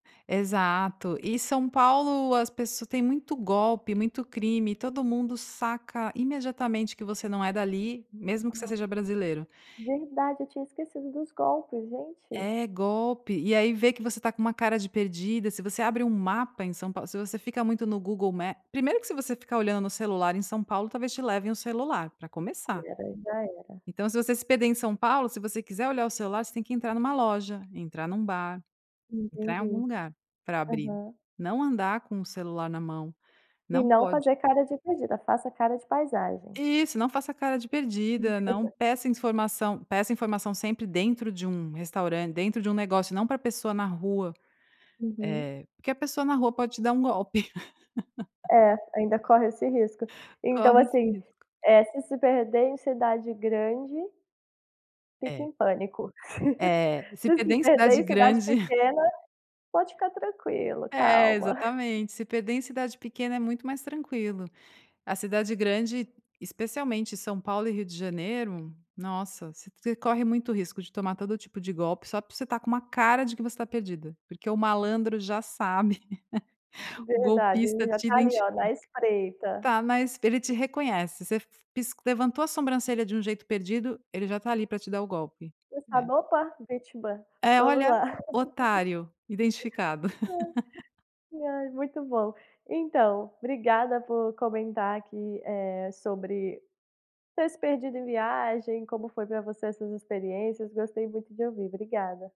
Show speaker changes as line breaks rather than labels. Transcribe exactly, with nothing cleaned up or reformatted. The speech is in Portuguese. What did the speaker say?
Exato. E São Paulo, as pes tem muito golpe, muito crime. Todo mundo saca imediatamente que você não é dali, mesmo que você
Ah.
seja brasileiro.
Verdade, eu tinha esquecido dos golpes, gente.
É, golpe. E aí vê que você está com uma cara de perdida, se você abre um mapa em São Pau se você fica muito no Google Ma Primeiro que se você ficar olhando no celular em São Paulo, talvez te levem o celular, pra
Que
começar.
era, aí já era.
Então, se você se perder em São Paulo, se você quiser olhar o celular, você tem que entrar numa loja, entrar num bar, entrar em algum
Entendi.
lugar, pra abrir.
Aham.
Não andar com o celular na mão.
E
Não
não
pode.
fazer cara de perdida. Faça cara de paisagem.
Isso. Não faça cara de perdida. Não peça informação. Peça informação sempre dentro de um restauran dentro de um negócio, não pra pessoa na rua.
Uhum.
Eh, porque a pessoa na rua pode te dar um golpe.
É. Ainda corre esse risco. Então,
Corre esse
assim,
risco.
eh, se se perder em cidade grande fique
É.
em pânico.
É. Se
Se
perder
se
em
perder
cidade
em cidade
grande.
pequena, pode ficar tranquilo.
É,
Calma.
exatamente. Se perder em cidade pequena é muito mais tranquilo. A cidade grande, especialmente São Paulo e Rio de Janeiro, nossa! Você você corre muito risco de tomar todo tipo de golpe só porque você tá com uma cara de que você tá perdida, porque o
Hum.
malandro já sabe. O
Verdade.
golpista
Ele já
te
tá ali,
identifica.
ó, na espreita.
Tá, mas ele te reconhece, você f pis levantou a sobrancelha de um jeito perdido, ele já tá ali pra te dar o golpe,
Você
né?
sabe "Opa! Vítima.
É,
Vamos
olha:
lá."
"Otário identificado."
E, ai, muito bom. Então, obrigada por comentar aqui, eh, sobre ter se perdido em viagem, como foi pra você essas experiências, gostei muito de ouvir. Obrigada.